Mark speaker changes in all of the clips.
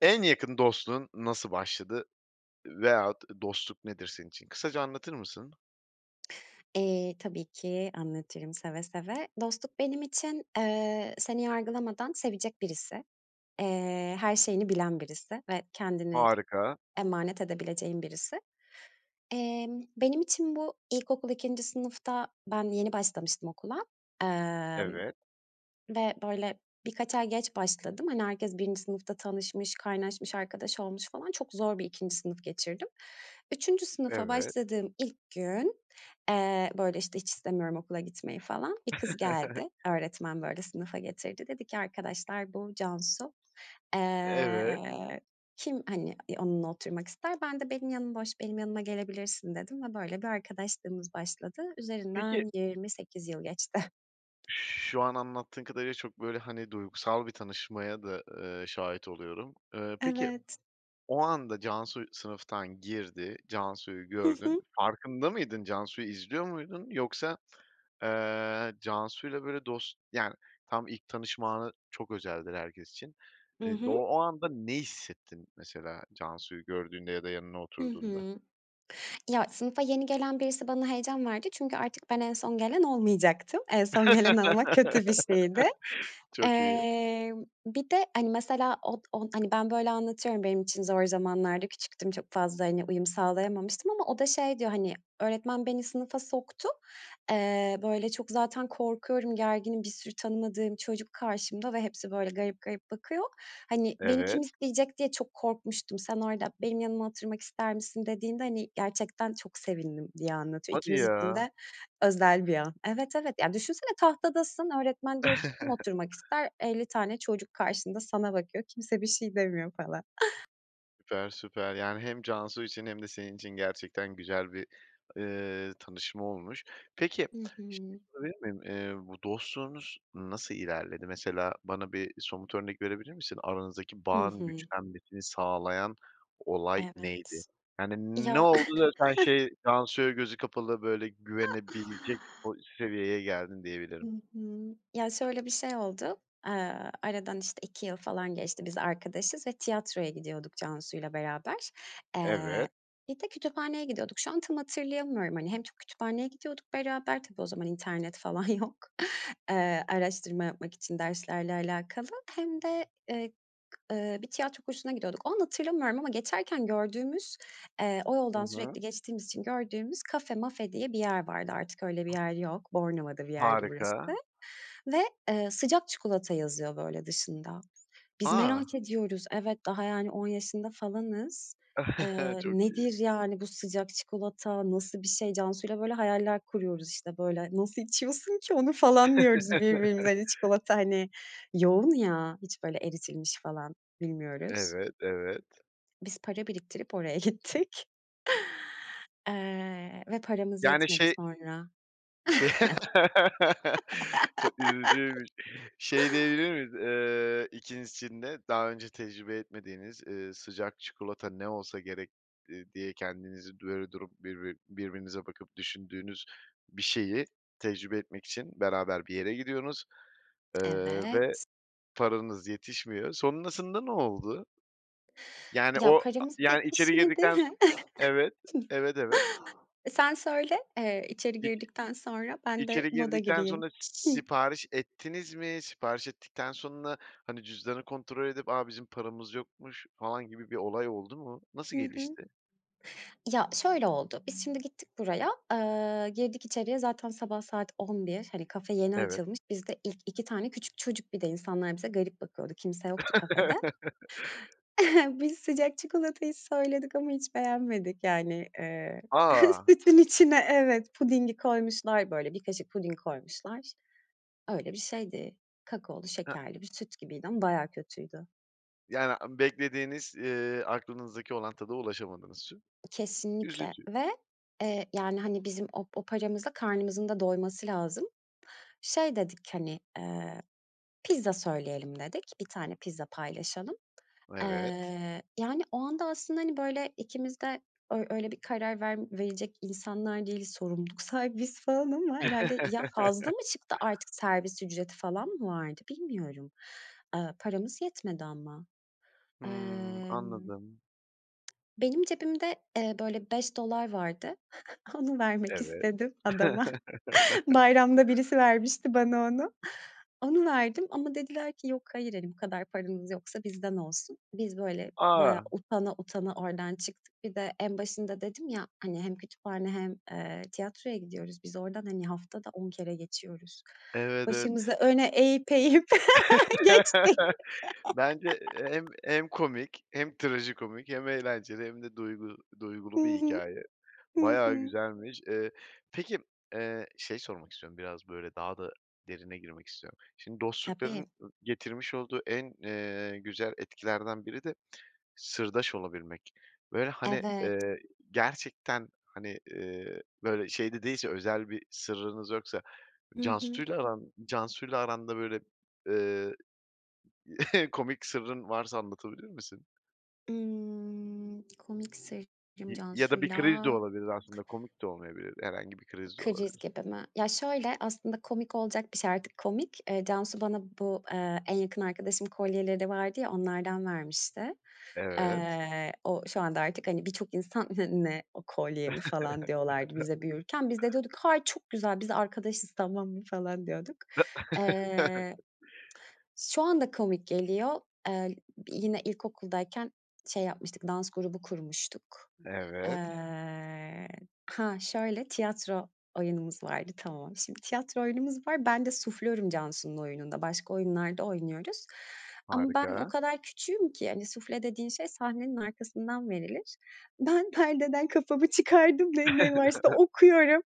Speaker 1: En yakın dostluğun nasıl başladı veyahut dostluk nedir senin için? Kısaca anlatır mısın?
Speaker 2: Eee, tabii ki anlatırım, seve seve. Dostluk benim için, eee, seni yargılamadan sevecek birisi. Eee, her şeyini bilen birisi ve kendini
Speaker 1: Harika.
Speaker 2: emanet edebileceğin birisi. Emm, benim için bu, ilkokul 2. sınıfta, ben yeni başlamıştım okula, emm,
Speaker 1: Evet.
Speaker 2: ve böyle birkaç ay geç başladım. Hani, herkes 1. sınıfta tanışmış, kaynaşmış, arkadaş olmuş falan. Çok zor bir 2. sınıf geçirdim. 3. sınıfa
Speaker 1: Evet.
Speaker 2: başladığım ilk gün, eee, böyle, işte, hiç istemiyorum okula gitmeyi falan, bir kız geldi. Öğretmen, böyle, sınıfa getirdi. Dedi ki: "Arkadaşlar, bu Cansu.
Speaker 1: Evet.
Speaker 2: Eee, kim, hani, eee, onunla oturmak ister?" Ben de "Benim yanım boş, benim yanıma gelebilirsin." dedim ve böyle bir arkadaşlığımız başladı.
Speaker 1: Peki
Speaker 2: Üzerinden 28 yıl geçti.
Speaker 1: Şu an anlattığın kadarıyla çok, böyle, hani, duygusal bir tanışmaya da, ııı, şahit oluyorum. Eee, peki,
Speaker 2: Evet.
Speaker 1: o anda Cansu sınıftan girdi, Cansu'yu
Speaker 2: Hı
Speaker 1: gördün.
Speaker 2: hı.
Speaker 1: Farkında mıydın? Cansu'yu izliyor muydun? Yoksa, eee, Cansu'yla, böyle, dost yani, tam ilk tanışma anı çok özeldir herkes için.
Speaker 2: Hı
Speaker 1: Eee, o
Speaker 2: hı.
Speaker 1: o anda ne hissettin, mesela, Cansu'yu gördüğünde ya da yanına
Speaker 2: Hı
Speaker 1: oturduğunda?
Speaker 2: hı. Ya, sınıfa yeni gelen birisi bana heyecan verdi. Çünkü artık ben en son gelen olmayacaktım. En son gelen olmak kötü bir şeydi.
Speaker 1: Çok iyi.
Speaker 2: Eee, bir de hani, mesela, od o, hani, ben, böyle, anlatıyorum, benim için zor zamanlardı, küçüktüm, çok fazla, hani, uyum sağlayamamıştım ama o da şey diyor: "Hani, öğretmen beni sınıfa soktu. Eee, böyle, çok zaten korkuyorum, gerginim. Bir sürü tanımadığım çocuk karşımda ve hepsi böyle garip garip bakıyor. Hani, beni kim
Speaker 1: Evet.
Speaker 2: isteyecek diye çok korkmuştum. Sen orada 'Benim yanıma oturmak ister misin?' dediğinde hani, gerçekten çok sevindim." diye anlatıyor.
Speaker 1: Hadi
Speaker 2: İkimiz için
Speaker 1: ya!
Speaker 2: de özel bir an. Evet, evet. Ya, düşünsene, tahtadasın, öğretmen diyor ki: "Kim oturmak ister?" 50 tane çocuk karşında sana bakıyor, kimse bir şey demiyor falan.
Speaker 1: Süper, süper, yani hem Cansu için hem de senin için gerçekten güzel bir, ııı, tanışma olmuş. Peki,
Speaker 2: Hı
Speaker 1: bir şey
Speaker 2: hı.
Speaker 1: sorabilir miyim? Bu dostluğunuz nasıl ilerledi? Mesela bana bir somut örnek verebilir misin? Aranızdaki
Speaker 2: Hı
Speaker 1: bağın
Speaker 2: hı.
Speaker 1: güçlenmesini sağlayan, olay neydi?
Speaker 2: Evet.
Speaker 1: Yani ne
Speaker 2: Ya
Speaker 1: oldu da sen şey, Cansu'ya gözü kapalı böyle güvenebilecek po seviyeye geldin
Speaker 2: Hı
Speaker 1: diyebilirim?
Speaker 2: hı. Ya şöyle bir şey oldu, eee, aradan işte 2 yıl falan geçti biz arkadaşız ve tiyatroya gidiyorduk Cansu'yla beraber. Eee,
Speaker 1: Evet.
Speaker 2: bir de kütüphaneye gidiyorduk, şu an tam hatırlayamıyorum hani. Hem çok kütüphaneye gidiyorduk beraber, tabii o zaman internet falan yok, eee, araştırma yapmak için derslerle alakalı, hem de, eee, ııı, bir tiyatro kursuna gidiyorduk. O anı hatırlamıyorum ama geçerken gördüğümüz, eee, o
Speaker 1: Hı
Speaker 2: yoldan
Speaker 1: hı.
Speaker 2: sürekli geçtiğimiz için gördüğümüz Kafe Mafe diye bir yer vardı artık öyle bir yer yok. Bornova'da bir yerdi burası
Speaker 1: Harika.
Speaker 2: ve, eee, sıcak çikolata yazıyor böyle dışında. Biz
Speaker 1: A!
Speaker 2: merak ediyoruz. Evet, daha yani, 10 yaşında falanız. Eee,
Speaker 1: Çok iyi.
Speaker 2: nedir yani bu sıcak çikolata, nasıl bir şey? Cansuyla böyle hayaller kuruyoruz işte böyle. Nasıl içiyorsun ki onu falan diyoruz birbirimize. Hani çikolata hani yoğun ya, hiç böyle eritilmiş falan bilmiyoruz.
Speaker 1: Evet, evet.
Speaker 2: Biz para biriktirip oraya gittik. Eee, ve paramız
Speaker 1: Yani
Speaker 2: yetmedi
Speaker 1: şey
Speaker 2: sonra.
Speaker 1: Şey Çok üzücüymüş. Şey, diyebilir miyiz, eee, 2.'sinde daha önce tecrübe etmediğiniz, eee, sıcak çikolata ne olsa gerek diye kendinizi böyle durup birbi birbirinize bakıp düşündüğünüz, bir şeyi tecrübe etmek için beraber bir yere gidiyorsunuz, eee, ve
Speaker 2: Evet.
Speaker 1: paranız yetişmiyor. Sonrasında ne oldu? Yani
Speaker 2: Ya
Speaker 1: o, a
Speaker 2: paramız
Speaker 1: yani içeri
Speaker 2: yetişmedi.
Speaker 1: girdikten evet, evet, evet.
Speaker 2: Sen söyle, eee, içeri
Speaker 1: İç
Speaker 2: girdikten sonra ben de
Speaker 1: içeri
Speaker 2: moda
Speaker 1: girdikten
Speaker 2: gireyim.
Speaker 1: sonra s
Speaker 2: Hıh.
Speaker 1: sipariş ettiniz mi? Sipariş ettikten sonra hani cüzdanı kontrol edip, "A! Bizim paramız yokmuş!" falan gibi bir olay oldu mu? Nasıl
Speaker 2: Hı hı.
Speaker 1: gelişti?
Speaker 2: Ya, şöyle oldu: Biz şimdi gittik buraya, eee, girdik içeriye. Zaten sabah saat 11.00, hani, kafe yeni
Speaker 1: Evet.
Speaker 2: açılmış. Biz de ilk 2 tane küçük çocuk, bir de insanlar bize garip bakıyordu. Kimse yoktu kafede. Biz sıcak çikolatayı söyledik ama hiç beğenmedik yani, eee,
Speaker 1: A!
Speaker 2: sütün içine, evet, pudingi koymuşlar böyle bir kaşık puding koymuşlar. Öyle bir şeydi. Kakaolu
Speaker 1: He.
Speaker 2: şekerli bir süt gibiydi ama bayağı kötüydü.
Speaker 1: Yani beklediğiniz, eee, aklınızdaki olan tada ulaşamadığınız için.
Speaker 2: Kesinlikle
Speaker 1: Üzücü.
Speaker 2: ve, eee, yani hani bizim o o paramızla karnımızın da doyması lazım. Şey dedik hani, eee, pizza söyleyelim dedik, 1 tane pizza paylaşalım.
Speaker 1: Evet.
Speaker 2: Eee, yani, o anda aslında hani böyle ikimiz de ö öyle bir karar ver verecek insanlar değiliz, sorumluluk sahibiyiz falan ama herhâlde. Ya fazla mı çıktı? Artık, servis ücreti falan mı vardı bilmiyorum? Eee, paramız yetmedi ama.
Speaker 1: Hımm.
Speaker 2: Emm,
Speaker 1: Anladım.
Speaker 2: benim cebimde, eee, böyle $5 vardı. Onu vermek
Speaker 1: Evet.
Speaker 2: istedim adama. Bayramda birisi vermişti bana onu, onu verdim ama dediler ki, "Yok hayır, hani bu kadar paranız yoksa bizden olsun." Biz böyle bayağı
Speaker 1: A!
Speaker 2: utana utana oradan çıktık. Bir de, en başında dedim ya hani hem kütüphane hem, eee, tiyatroya gidiyoruz biz oradan hani haftada 10 kere geçiyoruz.
Speaker 1: Evet, evet.
Speaker 2: Başımızı öne eğip eğip geçtik.
Speaker 1: Bence hem hem komik, hem trajikomik, hem eğlenceli hem de duygu
Speaker 2: Hı
Speaker 1: duygulu bir
Speaker 2: hı.
Speaker 1: hikâye.
Speaker 2: Hı
Speaker 1: Bayağı
Speaker 2: hı.
Speaker 1: güzelmiş. Eee, peki, eee, şey sormak istiyorum, biraz böyle, daha da derine girmek istiyorum: Şimdi
Speaker 2: Tabii.
Speaker 1: dostlukların, getirmiş olduğu en, eee, güzel etkilerden biri de sırdaş olabilmek ve hani,
Speaker 2: Evet.
Speaker 1: eee, gerçekten hani, iii, böyle şey de değilse, özel bir sırrınız yoksa
Speaker 2: Hı hı.
Speaker 1: Cansu'yla aran Cansu'yla aranda böyle, eee, komik sırrın varsa anlatabilir misin?
Speaker 2: Imm, komik [unintelligible]
Speaker 1: İ ya da bir
Speaker 2: Cansu'yla.
Speaker 1: kriz de olabilir aslında komik de olmayabilir. Herhangi bir kriz de
Speaker 2: Kriz
Speaker 1: olabilir.
Speaker 2: gibi mi? Ya, şöyle, aslında, komik olacak bir şey, artık komik. Eee, Cansu bana bu, eee, en yakın arkadaşım kolyeleri vardı ya, onlardan vermişti.
Speaker 1: Evet.
Speaker 2: Eee, o şu anda artık, hani, birçok insan "Ne ne o, kolye mi?" falan diyorlardı bize büyürken. Biz de diyorduk, "Hayır, çok güzel, biz arkadaşız, tamam mı?" falan diyorduk. Eee, şu anda komik geliyor. Eee, yine ilkokuldayken şey yapmıştık, dans grubu kurmuştuk.
Speaker 1: Evet.
Speaker 2: Eee, hah, şöyle, tiyatro oyunumuz vardı. Tamam. Şimdi tiyatro oyunumuz var. Ben de suflörüm Cansu'nun oyununda, başka oyunlarda oynuyoruz ama ben o
Speaker 1: Harika.
Speaker 2: kadar küçüğüm ki hani, sufle dediğin şey sahnenin arkasından verilir. Ben perdeden kafamı çıkardım ve ne varsa okuyorum.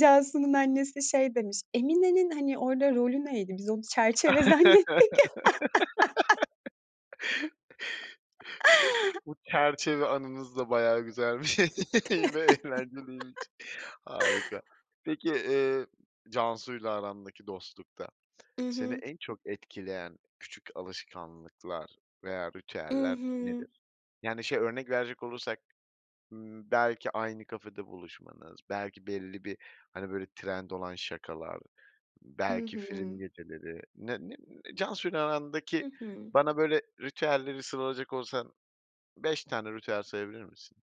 Speaker 2: Cansu'nun annesi şey demiş, "Emine'nin, hani, orada rolü neydi? Biz onu çerçeve zannettik."
Speaker 1: Se bu çerçeve anınız da bayağı güzelmiş ve eğlenceliymiş. Harika. Peki, eee, Cansu'yla arandaki dostlukta
Speaker 2: I
Speaker 1: seni
Speaker 2: hı.
Speaker 1: en çok etkileyen küçük alışkanlıklar veya
Speaker 2: I
Speaker 1: ritüeller
Speaker 2: hı.
Speaker 1: nedir? Yani, şey, örnek verecek olursak, ımm, belki aynı kafede buluşmanız, belki belli bir hani böyle trend olan şakalar,
Speaker 2: I
Speaker 1: belki film
Speaker 2: hı.
Speaker 1: geceleri, ne ne ne Cansu'yla
Speaker 2: Hı
Speaker 1: arandaki
Speaker 2: hı.
Speaker 1: bana, böyle, ritüelleri sıralayacak olsan 5 tane ritüel sayabilir misin?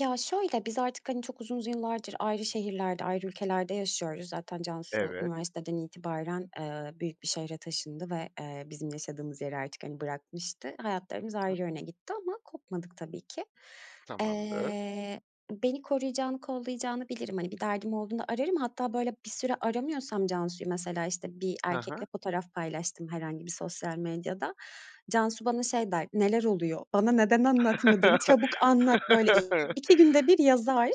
Speaker 2: Ya, şöyle, biz artık, hani, çok uzun z yıllardır ayrı şehirlerde, ayrı ülkelerde yaşıyoruz. Zaten Cansu
Speaker 1: Evet.
Speaker 2: üniversiteden itibaren, eee, büyük bir şehre taşındı ve, eee, bizim yaşadığımız yeri artık, hani, bırakmıştı. Hayatlarımız
Speaker 1: I
Speaker 2: ayrı yöne gitti ama kopmadık tabii ki.
Speaker 1: Tamamdır.
Speaker 2: Eee, beni koruyacağını, kollayacağını bilirim. Hani, bir derdim olduğunda ararım. Hatta, böyle bir süre aramıyorsam Cansu’yu, mesela, işte, bir
Speaker 1: Hı
Speaker 2: erkekle
Speaker 1: hı.
Speaker 2: fotoğraf paylaştım herhangi bir sosyal medyada, Cansu bana şey der: “Neler oluyor? Bana neden anlatmadın? Çabuk anlat.” Böyle 2 günde 1 yazar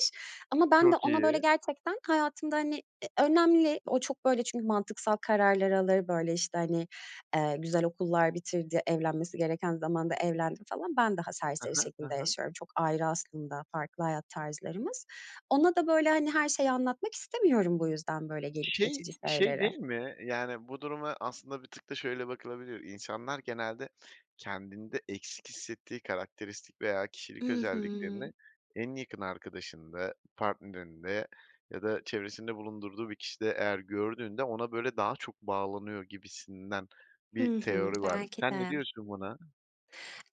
Speaker 2: ama ben de
Speaker 1: Çok
Speaker 2: ona böyle
Speaker 1: iyi.
Speaker 2: gerçekten hayatımda, hani, eee, önemli O çok böyle, çünkü mantıksal kararlar alır. Böyle, işte, hani, eee, güzel okullar bitirdi, evlenmesi gereken zamanda evlendi falan. Ben daha
Speaker 1: Hı
Speaker 2: serseri
Speaker 1: hı. Hı
Speaker 2: şekilde
Speaker 1: hı.
Speaker 2: yaşıyorum. Çok ayrı aslında, farklı hayat tarzlarımız. Ona da böyle, hani, her şeyi anlatmak istemiyorum, bu yüzden, böyle gelip
Speaker 1: Şey,
Speaker 2: geçici
Speaker 1: şey
Speaker 2: şeyleri.
Speaker 1: değil mi? Yani, bu duruma aslında bir tık da şöyle bakılabilir: İnsanlar genelde, kendinde eksik hissettiği karakteristik veya
Speaker 2: I
Speaker 1: kişilik
Speaker 2: hı.
Speaker 1: özelliklerini en yakın arkadaşında, partnerinde ya da çevresinde bulundurduğu bir kişide eğer gördüğünde, ona böyle, daha çok bağlanıyor gibisinden bir
Speaker 2: Hı hı.
Speaker 1: teori var.
Speaker 2: Belki
Speaker 1: Sen ne
Speaker 2: de.
Speaker 1: diyorsun buna?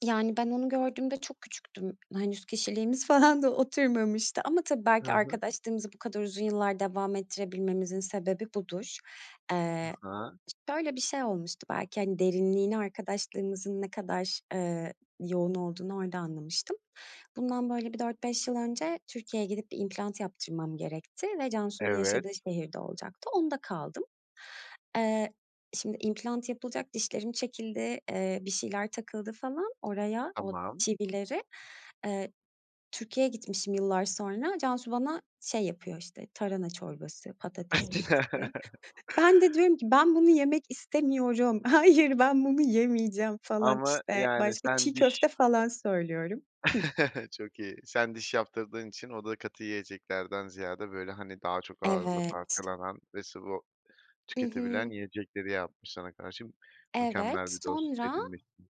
Speaker 2: Yani, ben onu gördüğümde çok küçüktüm, henüz kişiliğimiz falan da oturmamıştı. Ama tabii,
Speaker 1: Hı
Speaker 2: belki
Speaker 1: hı.
Speaker 2: arkadaşlığımızı bu kadar uzun yıllar devam ettirebilmemizin sebebi budur.
Speaker 1: I
Speaker 2: Eee,
Speaker 1: hı.
Speaker 2: şöyle bir şey olmuştu. Belki, hani, derinliğini, arkadaşlığımızın ne kadar, ııı, yoğun olduğunu orada anlamıştım. Bundan böyle bir 4-5 yıl önce Türkiye’ye gidip bir implant yaptırmam gerekti ve Cansu’nun
Speaker 1: Evet.
Speaker 2: yaşadığı şehirde olacaktı. Onda kaldım. Eee, şimdi, implant yapılacak dişlerim çekildi, eee, bir şeyler takıldı falan oraya, o
Speaker 1: Tamam.
Speaker 2: çivileri. Eee, Türkiye’ye gitmişim yıllar sonra, Cansu bana şey, yapıyor, işte, tarhana çorbası, patates püresi. Ben de diyorum ki: “Ben bunu yemek istemiyorum. Hayır, ben bunu yemeyeceğim.” falan.
Speaker 1: Ama
Speaker 2: İşte,
Speaker 1: yani
Speaker 2: başka
Speaker 1: sen
Speaker 2: çiğ
Speaker 1: diş
Speaker 2: köfte falan söylüyorum. Hıh.
Speaker 1: Çok iyi. Sen diş yaptırdığın için o da katı yiyeceklerden ziyade böyle, hani, daha çok ağızda
Speaker 2: Evet.
Speaker 1: parçalanan ve sıvı
Speaker 2: Hı
Speaker 1: tüketebilen
Speaker 2: hı.
Speaker 1: yiyecekleri yapmış sana, karşı.
Speaker 2: Evet,
Speaker 1: Mükemmel bir dost
Speaker 2: sonra
Speaker 1: edinmişsin.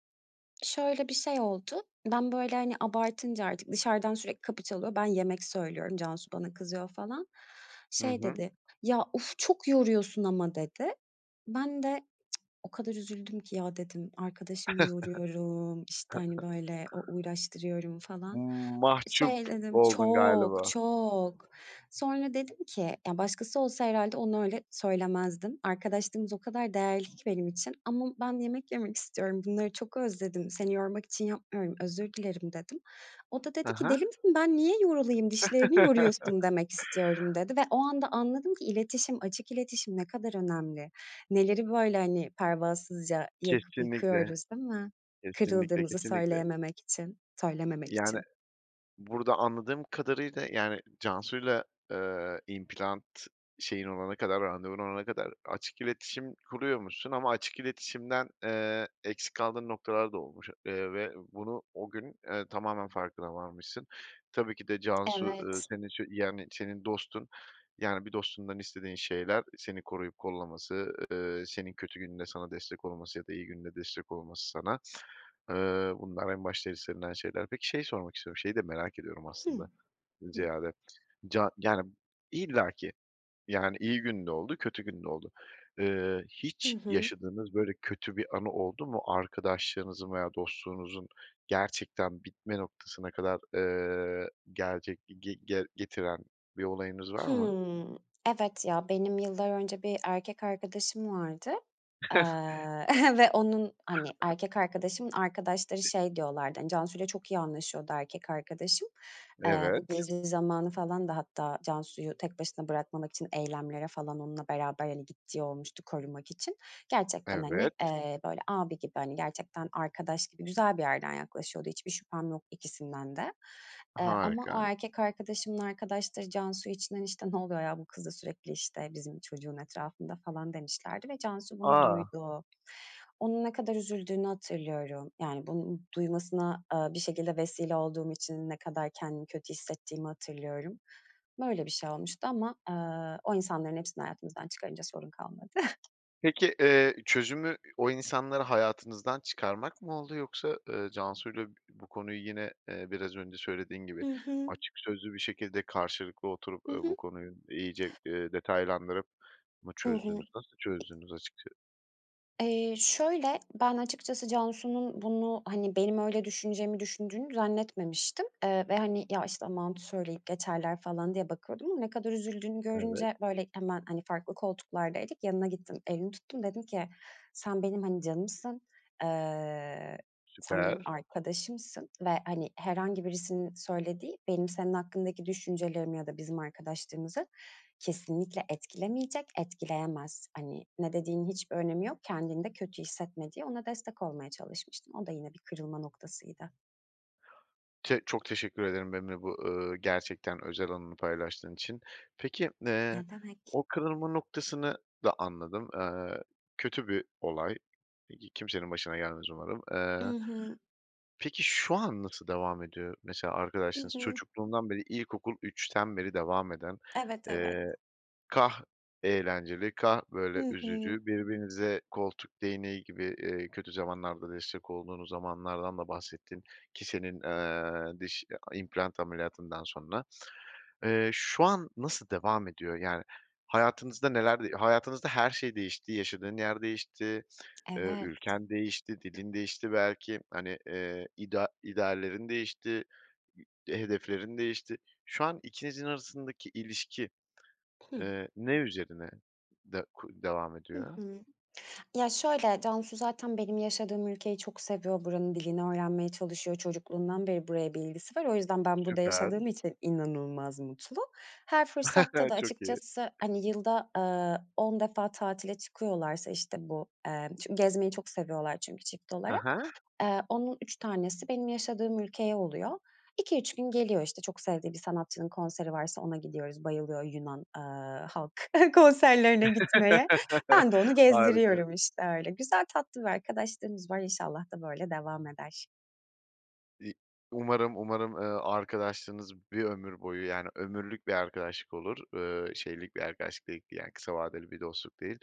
Speaker 2: şöyle bir şey oldu. Ben böyle, hani, abartınca artık dışarıdan sürekli kapı çalıyor, ben yemek söylüyorum, Cansu bana kızıyor falan.
Speaker 1: Hı
Speaker 2: Şey
Speaker 1: hı.
Speaker 2: dedi: “Ya, uf, çok yoruyorsun ama.” dedi. Ben de o kadar üzüldüm ki, “Ya,” dedim, “Arkadaşımı yoruyorum, işte, hani, böyle u uğraştırıyorum falan.”
Speaker 1: Mahcup
Speaker 2: Şey dedim,
Speaker 1: oldun
Speaker 2: çok
Speaker 1: galiba.
Speaker 2: çok. Sonra dedim ki: “Ya, başkası olsa herhâlde onu öyle söylemezdim. Arkadaşlığımız o kadar değerli ki benim için ama ben yemek yemek istiyorum, bunları çok özledim, seni yormak için yapmıyorum, özür dilerim.” dedim. O da
Speaker 1: Hı
Speaker 2: dedi ki:
Speaker 1: hı.
Speaker 2: “Deli misin? Ben niye yorulayım? Dişlerini yoruyorsun demek istiyorum.” dedi ve o anda anladım ki iletişim, açık iletişim ne kadar önemli. Neleri böyle, hani, pervasızca yakıp
Speaker 1: Kesinlikle,
Speaker 2: yıkıyoruz, değil mi?
Speaker 1: kesinlikle,
Speaker 2: Kırıldığımızı
Speaker 1: kesinlikle.
Speaker 2: söyleyememek için, söylememek
Speaker 1: Yani,
Speaker 2: için.
Speaker 1: burada anladığım kadarıyla, yani, Cansu’yla, eee, implant şeyin olana kadar, randevun olana kadar açık iletişim kuruyormuşsun ama açık iletişimden, eee, eksik kaldığın noktalar da olmuş, eee, ve bunu o gün, eee, tamamen farkına varmışsın. Tabii ki de Cansu, ııı,
Speaker 2: Evet.
Speaker 1: senin için, yani, senin dostun. Yani, bir dostundan istediğin şeyler; seni koruyup kollaması, eee, senin kötü gününde sana destek olması ya da iyi gününde destek olması sana, ııı, bunlar en başta istenilen şeyler. Peki, şeyi sormak istiyorum, şeyi de merak ediyorum
Speaker 2: Hı.
Speaker 1: aslında,
Speaker 2: Hı.
Speaker 1: ziyade, ca yani, illaki, yani, iyi günde oldu, kötü günde oldu. Eee,
Speaker 2: Hı
Speaker 1: hiç
Speaker 2: hı.
Speaker 1: yaşadığınız böyle, kötü bir anı oldu mu arkadaşlığınızın veya dostluğunuzun gerçekten bitme noktasına kadar, eee, gelecek ge ge getiren bir olayınız var mı?
Speaker 2: Hıı. Evet, ya, benim yıllar önce bir erkek arkadaşım vardı, eee, ve onun, hani, erkek arkadaşımın arkadaşları şey diyorlardı. Hani, Cansu’yla çok iyi anlaşıyordu, erkek arkadaşım. Eee, bu
Speaker 1: Evet.
Speaker 2: Gezi zamanı falan da hatta Cansu’yu tek başına bırakmamak için eylemlere falan onunla beraber, hani, gittiği olmuştu, korumak için. Gerçekten, hani,
Speaker 1: Evet.
Speaker 2: eee, böyle abi gibi, hani, gerçekten arkadaş gibi güzel bir yerden yaklaşıyordu. Hiçbir şüphem yok ikisinden de, eee, ama o
Speaker 1: Harika.
Speaker 2: erkek arkadaşımın arkadaşları Cansu için, işte, “Ne oluyor ya? Bu kız da sürekli, işte, bizim çocuğun etrafında.” falan demişlerdi ve Cansu bunu
Speaker 1: A!
Speaker 2: duydu. Onun ne kadar üzüldüğünü hatırlıyorum. Yani, bunu duymasına, eee, bir şekilde vesile olduğum için ne kadar kendimi kötü hissettiğimi hatırlıyorum. Böyle bir şey olmuştu ama, ııı, o insanların hepsini hayatımızdan çıkarınca sorun kalmadı.
Speaker 1: Peki, eee, çözümü, o insanları hayatınızdan çıkarmak mı oldu, yoksa, ııı, Cansu’yla bu konuyu yine, eee, biraz önce söylediğin gibi,
Speaker 2: Hı hı.
Speaker 1: açık sözlü bir şekilde karşılıklı oturup,
Speaker 2: Hı
Speaker 1: eee, bu
Speaker 2: hı.
Speaker 1: konuyu iyice, eee, detaylandırıp mı
Speaker 2: Hı hı.
Speaker 1: çözdünüz? Nasıl çözdünüz, açıkça
Speaker 2: Eee, şöyle, ben açıkçası Cansu’nun bunu, hani, benim öyle düşüneceğimi, düşündüğünü zannetmemiştim, eee, ve, hani, “Ya, işte, aman, söyleyip geçerler.” falan diye bakıyordum ama ne kadar üzüldüğünü
Speaker 1: Evet.
Speaker 2: görünce böyle hemen, hani, farklı koltuklardaydık, yanına gittim, elini tuttum. Dedim ki: “Sen benim, hani, canımsın. Eee, sen benim
Speaker 1: Süper.
Speaker 2: arkadaşımsın ve hani, herhangi birisinin söylediği, benim senin hakkındaki düşüncelerimi ya da bizim arkadaşlığımızı, kesinlikle etkilemeyecek, etkileyemez. Hani, ne dediğinin hiçbir önemi yok. Kendini de kötü hissetme.” diye ona destek olmaya çalışmıştım. O da yine bir kırılma noktasıydı.
Speaker 1: Çe çok teşekkür ederim benimle bu, ııı, gerçekten özel anını paylaştığın için. Peki, eee,
Speaker 2: Ne demek.
Speaker 1: o kırılma noktasını da anladım. Eee, kötü bir olay, e ki kimsenin başına gelmez umarım.
Speaker 2: I
Speaker 1: Eee,
Speaker 2: hı.
Speaker 1: peki, şu an nasıl devam ediyor? Mesela
Speaker 2: I
Speaker 1: arkadaşlığınız,
Speaker 2: hı.
Speaker 1: çocukluğundan beri ilkokul 3'ten beri devam eden,
Speaker 2: Evet, evet.
Speaker 1: eee, kâh eğlenceli kâh böyle
Speaker 2: I hı.
Speaker 1: üzücü, birbirinize koltuk değneği gibi, eee, kötü zamanlarda destek olduğunuz zamanlardan da bahsettin ki senin, eee, diş i a implant ameliyatından sonra. Eee, şu an nasıl devam ediyor? Yani, hayatınızda neler de hayatınızda her şey değişti, yaşadığın yer değişti, eee,
Speaker 2: Evet.
Speaker 1: ülken değişti, dilin değişti belki, hani, eee, idea ideallerin değişti, i hedeflerin değişti. Şu an ikinizin arasındaki ilişki,
Speaker 2: Hıh.
Speaker 1: eee, ne üzerine de ku devam
Speaker 2: Hı
Speaker 1: ediyor?
Speaker 2: hı. Ya, şöyle Cansu zaten benim yaşadığım ülkeyi çok seviyor. Buranın dilini öğrenmeye çalışıyor. Çocukluğundan beri buraya bir ilgisi var. O yüzden, ben burada yaşadığım
Speaker 1: Süper.
Speaker 2: için inanılmaz mutlu. Her fırsatta da
Speaker 1: Çok iyi.
Speaker 2: açıkçası, hani, yılda, eee, 10 defa tatile çıkıyorlarsa, işte bu, eee, çün gezmeyi çok seviyorlar. Çünkü çift
Speaker 1: Ha
Speaker 2: olarak,
Speaker 1: ha.
Speaker 2: eee, onun 3 tanesi benim yaşadığım ülkeye oluyor. 2-3 gün geliyor, işte, çok sevdiği bir sanatçının konseri varsa ona gidiyoruz bayılıyor Yunan, eee, halk konserlerine gitmeye. Ben de onu
Speaker 1: Harika.
Speaker 2: gezdiriyorum, işte, öyle. Güzel tatlı bir arkadaşlığımız var. İnşallah da böyle devam eder.
Speaker 1: İ umarım umarım, ııı, arkadaşlığınız bir ömür boyu, yani, ömürlük bir arkadaşlık olur, ııı, şeylik bir arkadaşlık değil, yani, kısa vadeli bir dostluk değil.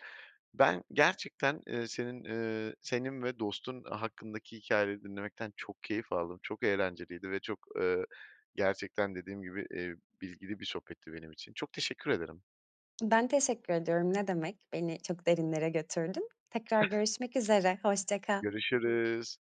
Speaker 1: Ben gerçekten, ııı, senin, ııı, senin ve dostun hakkındaki hikâyeleri dinlemekten çok keyif aldım. Çok eğlenceliydi ve çok, ııı, gerçekten dediğim gibi, eee, bilgili bir sohbetti benim için. Çok teşekkür ederim.
Speaker 2: Ben teşekkür ediyorum ne demek. Beni çok derinlere götürdün. Tekrar görüşmek üzere hoşça kal.
Speaker 1: Görüşürüz.